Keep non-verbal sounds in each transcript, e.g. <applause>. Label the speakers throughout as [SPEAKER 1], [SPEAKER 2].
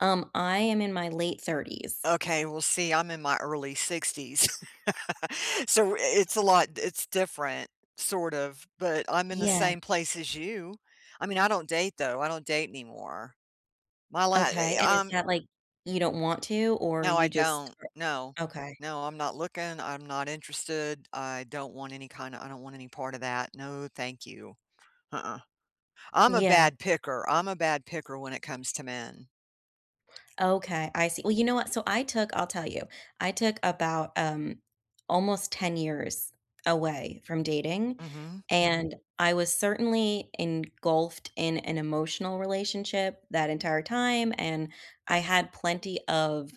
[SPEAKER 1] Um, I am in my late 30s.
[SPEAKER 2] Okay, well, see, I'm in my early 60s. <laughs> So, i it's a lot it's different, sort of, but I'm in the
[SPEAKER 1] Yeah.
[SPEAKER 2] same place as you. I mean, I don't date, though, I don't date anymore. My la
[SPEAKER 1] Okay,
[SPEAKER 2] i
[SPEAKER 1] and
[SPEAKER 2] i
[SPEAKER 1] is
[SPEAKER 2] um
[SPEAKER 1] that, like, you don't want to? Or,
[SPEAKER 2] No,
[SPEAKER 1] you
[SPEAKER 2] I
[SPEAKER 1] just
[SPEAKER 2] don't, no,
[SPEAKER 1] okay.
[SPEAKER 2] no, I'm not looking, I'm not interested, I don't want any kinda I don't want any part of that, no, thank you. Huh-uh. I'm a
[SPEAKER 1] Yeah.
[SPEAKER 2] bad picker, I'm a bad picker when it comes to men.
[SPEAKER 1] Okay, I see, well, you know what? So, I took I'll tell you, I took about, um, almost 10 years away from dating,
[SPEAKER 2] Mhm.
[SPEAKER 1] and I was certainly engulfed in an emotional relationship that entire time, and I had plenty of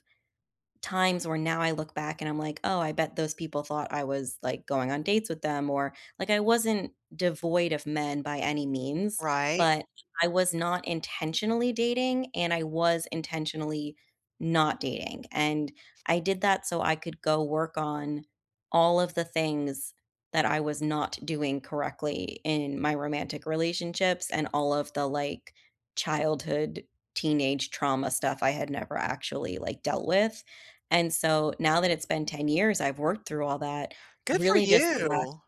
[SPEAKER 1] times where, now I look back and I'm like, "Oh, I bet those people thought I was, like, going on dates with them," or like, I wasn't devoid of men by any means,
[SPEAKER 2] Right.
[SPEAKER 1] but I was not intentionally dating and I was intentionally not dating, and I did that so I could go work on all of the things that I was not doing correctly in my romantic relationships and all of the, like, childhood, teenage trauma stuff I had never actually, like, dealt with, and so now that it's been 10 years, I've worked through all that,
[SPEAKER 2] Good for
[SPEAKER 1] really just the la
[SPEAKER 2] you.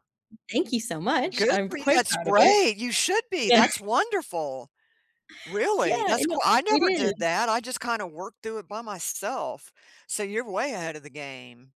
[SPEAKER 1] thank you so much,
[SPEAKER 2] Good
[SPEAKER 1] I'm
[SPEAKER 2] for you,
[SPEAKER 1] quite
[SPEAKER 2] that's
[SPEAKER 1] proud of it.
[SPEAKER 2] great, you should be,
[SPEAKER 1] Yeah.
[SPEAKER 2] that's wonderful. Really,
[SPEAKER 1] Yeah,
[SPEAKER 2] that's
[SPEAKER 1] and o
[SPEAKER 2] qui I
[SPEAKER 1] it
[SPEAKER 2] never did
[SPEAKER 1] is.
[SPEAKER 2] that, I just kinda worked through it by myself, so you're way ahead of the game.